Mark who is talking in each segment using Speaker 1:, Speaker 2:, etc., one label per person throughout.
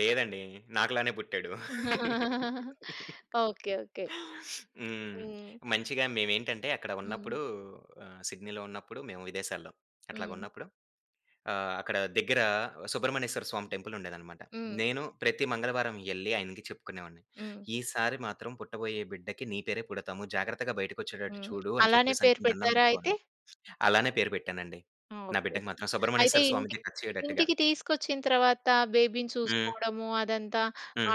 Speaker 1: లేదండీ. నాకు లానే పుట్టాడు.
Speaker 2: ఓకే. ఓకే.
Speaker 1: హ్మ్.
Speaker 2: హ్మ్.
Speaker 1: మంచిగా మేమేంటంటే అక్కడ
Speaker 2: హ్మ్.
Speaker 1: ఉన్నప్పుడు ఆహ్, సిడ్నీ‌లో ఉన్నప్పుడు మేము విదేశాల్లో
Speaker 2: హ్మ్.
Speaker 1: అట్లాగున్నప్పుడు ఆహ్, అక్కడ దగ్గెర సుబ్రహ్మణ్యేశ్వర స్వామి టెంపులుండేదనమాట.
Speaker 2: హ్మ్.
Speaker 1: నేను ప్రతి మంగళవారం ఎళ్లి ఆయనకి చెప్పుకునేవాడిని.
Speaker 2: హ్మ్.
Speaker 1: "ఈసారి మాత్రం పుట్టబోయే బిడ్డకి నీ పేరే పుడతాము జాగ్రత్తగా బయటకొచ్చేటట్టు
Speaker 2: హ్మ్.
Speaker 1: చూడు" అని
Speaker 2: అలానే పేరు
Speaker 1: చెప్పేసనుకుని దండం
Speaker 2: పెట్టారా అయితే?
Speaker 1: పెట్టుకొని, అలానే పేరు పెట్టానండి.
Speaker 2: ఆ!
Speaker 1: నా
Speaker 2: ఓకే.
Speaker 1: బిడ్డకి
Speaker 2: ఓకే.
Speaker 1: మాత్రం
Speaker 2: అయితే
Speaker 1: సుబ్రహ్మణేశ్వర స్వామిదే
Speaker 2: ఇంటికి
Speaker 1: వచ్చేటట్టుగా.
Speaker 2: ఇంటికి తీసుకొచ్చిన తర్వత బేబీని
Speaker 1: హ్మ్.
Speaker 2: చూసుకోవడము, అదంతా
Speaker 1: హ్మ్.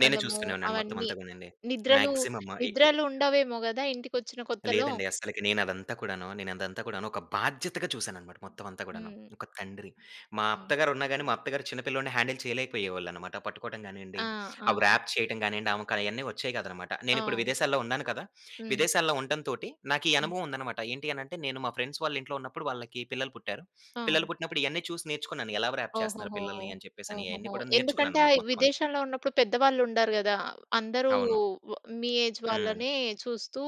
Speaker 1: నేనే చూస్తుకునే వాడినండి మొత్తం
Speaker 2: అవన్నీ.
Speaker 1: అంతా గానియండి.
Speaker 2: నిద్రలు
Speaker 1: మాక్సిమం అయ్
Speaker 2: నిద్రలుండవేమో గదా! ఇంటికొచ్చిన కొత్తలో?
Speaker 1: లేదండి. అస్సలకి నేనదంతా కూడాను నేనదంతా కూడాను ఒక బాధ్యతగా చూసాననమాట మొత్తం అంతా గూడాను.
Speaker 2: హ్మ్.
Speaker 1: ఒక తండ్రి మా
Speaker 2: హ్మ్.
Speaker 1: అత్తగారున్న గానీ మా అత్తగారు చిన్నపిల్లోడిని హ్యాండిల్ చేయలేకపోయేవాళ్ళనమాట. పట్టుకోడం
Speaker 2: ఆ!
Speaker 1: గానియ్యండి,
Speaker 2: ఆ!
Speaker 1: ఆ వ్రాప్ చేయటం గానియండి ఆమెకయన్ని వచ్చేవి గాదనమాట. నేనిప్పుడు
Speaker 2: ఓహ్!
Speaker 1: విదేశాల్లో ఉన్నాను కదా!
Speaker 2: హ్మ్.
Speaker 1: విదేశాల్లో ఉండటం తోటి నాకీ
Speaker 2: హ్మ్.
Speaker 1: అనుభవముందన్నమాట. ఏంటి అనంటే, నేను మా ఫ్రెండ్స్ వాళ్ళ ఇంట్లో ఉన్నపుడు వాళ్ళకి పిల్లలు పుట్టారు. పిల్లలు
Speaker 2: ఆ!
Speaker 1: పుట్టినప్పుడు ఇయన్నీ చూసి నేర్చుకున్నాను. ఎలా వ్రాప్ చేస్తున్నారు
Speaker 2: ఓహోహో!
Speaker 1: పిల్లల్ని? అని చెప్పేసని అయన్నీ
Speaker 2: ఓహోహో!
Speaker 1: కూడా
Speaker 2: ఎందుకంటే
Speaker 1: నేర్చుకున్నాననమాట
Speaker 2: అయి
Speaker 1: మొత్తం అంత్
Speaker 2: విదేశాల్లో ఉన్నప్పుడు పెద్దవాళ్ళుండారు గదా! అందరూ
Speaker 1: అవును.
Speaker 2: వ మీ ఏజ్
Speaker 1: హ్మ్.
Speaker 2: వాళ్ళనే చూస్తూ,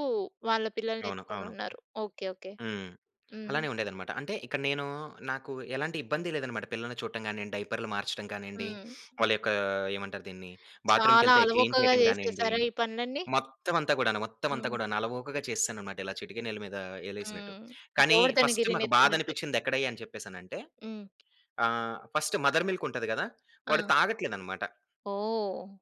Speaker 2: వాళ్ళ పిల్లల్ని
Speaker 1: అవును. అవును.
Speaker 2: ఎత్తుకొనున్నారు. ఓకే. ఓకే.
Speaker 1: హ్మ్.
Speaker 2: హ్మ్.
Speaker 1: అలానే ఉండేదనమాట. అంటే ఇక్కడ నేను నాకు ఎలాంటి ఇబ్బంది లేదనమాట. పిల్లల్ని చూడటం గానియండి, డైపర్లు మార్చడం గానియండి,
Speaker 2: హ్మ్. హ్మ్.
Speaker 1: వాళ్ళ యొక్కా ఏమంటారు దీన్ని బాత్రూమ్‌
Speaker 2: చాలా
Speaker 1: కెళ్తే, అవి క్లీన్
Speaker 2: అలవోకగా
Speaker 1: చేయటం గానియండి.
Speaker 2: జేసేసారా ఈ పనులన్నీ?
Speaker 1: మొత్తం అంతా గూడాను మొత్తం అంతా
Speaker 2: హ్మ్.
Speaker 1: గూడా అలవోకగా చేసేసాననమాట. ఇలా చిటికి నేలు మీద ఏలేసినట్టు.
Speaker 2: హ్మ్.
Speaker 1: కానీ
Speaker 2: గోవర్ధన
Speaker 1: ఫస్ట్ మాకు
Speaker 2: గిరినెత్తినట్టు.
Speaker 1: బాధనిపించింది ఎక్కడయ్యా? అని చెప్పేసానంటే
Speaker 2: హ్మ్.
Speaker 1: ఆహ్, ఫస్ట్ మదర్ మిల్కుంటది గదా!
Speaker 2: ఆ!
Speaker 1: వాడు తాగట్లేదనమాట.
Speaker 2: ఓహ్!